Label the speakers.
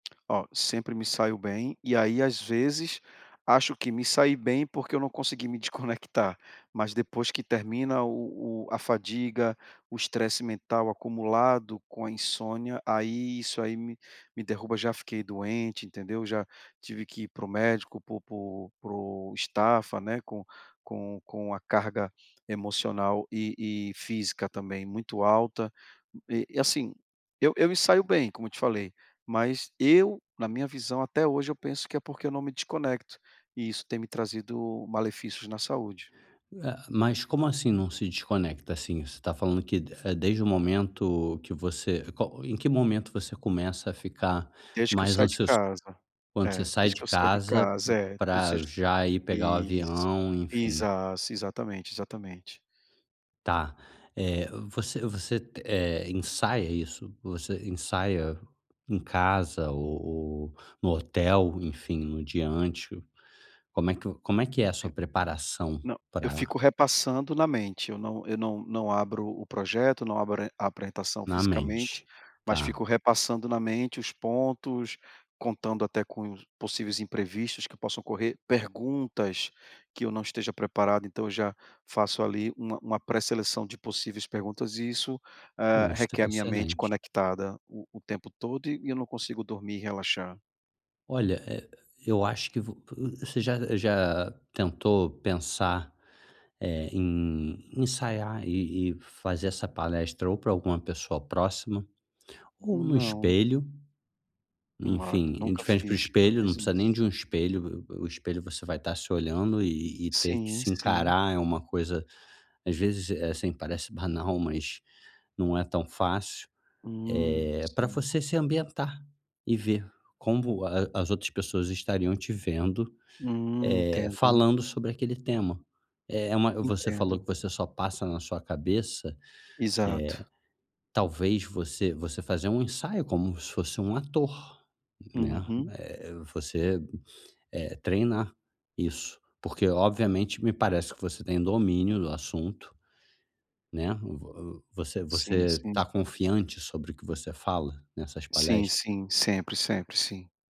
Speaker 1: Oh, sempre me saio bem e aí, às vezes, acho que me saí bem porque eu não consegui me desconectar, mas depois que termina o o a fadiga, o estresse mental acumulado com a insônia, aí isso aí me me derruba, já fiquei doente, entendeu? Já tive que ir para o médico, por por por estafa, né, com com com a carga emocional e e física também, muito alta. E e assim, eu eu me saio bem, como eu te falei, mas eu, na minha visão, até hoje eu penso que é porque eu não me desconecto e isso tem me trazido malefícios na saúde.
Speaker 2: Ah, mas como assim não se desconecta? Assim, você está falando que de é desde o momento que você qual em que momento você começa a ficar
Speaker 1: Desde que eu
Speaker 2: mais
Speaker 1: saio de
Speaker 2: ansioso
Speaker 1: casa,
Speaker 2: quando você
Speaker 1: é,
Speaker 2: sai
Speaker 1: desde
Speaker 2: de
Speaker 1: que eu saio de
Speaker 2: casa
Speaker 1: casa, é, ou
Speaker 2: pra
Speaker 1: seja
Speaker 2: já ir pegar o
Speaker 1: isso,
Speaker 2: avião? Enfim.
Speaker 1: exas exatamente, exatamente.
Speaker 2: Tá, eh, você você, eh, ensaia isso? Você ensaia em casa ou ou no hotel, enfim, no dia antes? Como é que como é que é a
Speaker 1: Sim,
Speaker 2: sua preparação?
Speaker 1: não, eu
Speaker 2: Pra
Speaker 1: fico repassando na mente, eu não eu não não abro o projeto, não abro e a apresentação
Speaker 2: Na
Speaker 1: fisicamente,
Speaker 2: mente,
Speaker 1: mas
Speaker 2: tá.
Speaker 1: fico repassando na mente os pontos, contando até com possíveis imprevistos que possam ocorrer, perguntas que eu não esteja preparado, então eu já faço ali uma uma pré-seleção de possíveis perguntas e isso, eh,
Speaker 2: Isso, tá
Speaker 1: requer a minha mente
Speaker 2: excelente.
Speaker 1: conectada o o tempo todo e e eu não consigo dormir, relaxar.
Speaker 2: Olha, eh, eu acho que vo você já já tentou pensar, eh, em ensaiar e e fazer essa palestra ou pra alguma pessoa próxima ou no
Speaker 1: Não.
Speaker 2: espelho?
Speaker 1: [unintelligible]
Speaker 2: Enfim, em
Speaker 1: nunca
Speaker 2: frente pro
Speaker 1: fiz, nunca
Speaker 2: espelho, não
Speaker 1: fiz
Speaker 2: precisa nem
Speaker 1: isso.
Speaker 2: de um espelho, v v o espelho você vai estar se olhando e e ter que
Speaker 1: Sim,
Speaker 2: se
Speaker 1: sim.
Speaker 2: encarar, é uma coisa às vezes, é assim, parece banal, mas não é tão fácil,
Speaker 1: Hum,
Speaker 2: eh, pra
Speaker 1: sim.
Speaker 2: você se ambientar e ver como a as outras pessoas estariam te vendo,
Speaker 1: Hum,
Speaker 2: eh,
Speaker 1: entendo.
Speaker 2: falando sobre aquele tema. É uma você falou que
Speaker 1: Entendo.
Speaker 2: você só passa na sua cabeça, eh,
Speaker 1: Exato.
Speaker 2: talvez você você fazer um ensaio como se fosse um ator, né?
Speaker 1: Uhum.
Speaker 2: Eh, você, eh, treinar isso, porque obviamente me parece que você tem domínio do assunto, né? Vo você
Speaker 1: Sim,
Speaker 2: você
Speaker 1: sim.
Speaker 2: está confiante sobre o que você fala? Nessas
Speaker 1: Sim,
Speaker 2: palestras?
Speaker 1: sim. Sempre, sempre. Sim.